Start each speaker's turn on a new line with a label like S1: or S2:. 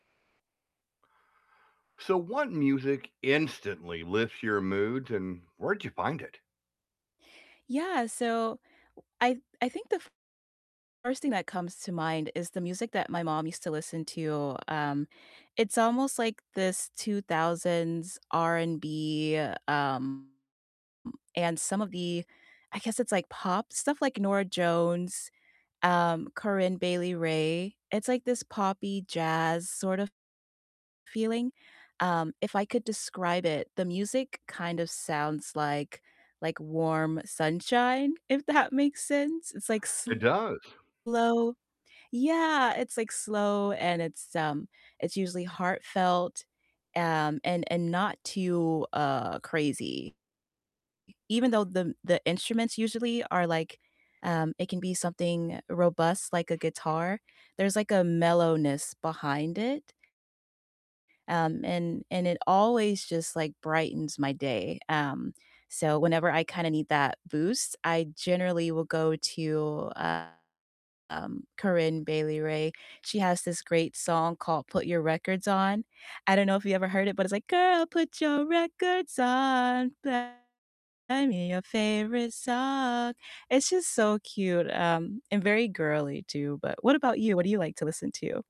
S1: So, what music instantly lifts your mood, and where'd you find it?
S2: Yeah, so I I think the f first thing that comes to mind is the music that my mom used to listen to, um, it's almost like this 2000s R&B, um, m and some of the I guess it's like pop stuff like Norah Jones, um, Corinne Bailey Rae, it's like this poppy jazz sort of feeling, um, if I could describe it, the music kind of sounds like like warm sunshine, if that makes sense. It's, like,
S1: It does.
S2: slow yeah, it's, like, slow and it's, um, it's usually heartfelt, um, and and not too, uh, crazy. Even though the the instruments usually are, like, um it can be something robust like a guitar, there's like a mellowness behind it um, and and it always just, like, brightens my day, um, so whenever I kinda need that boost, I generally will go to, uh, um, Corinne Bailey Rae, she has this great song called "Put Your Records On," I don't know if you ever heard it, but it's like, "Girl, put your records on, play me your favorite song." It's just so cute, um, and very girly too, but what about you? What do you like to listen to?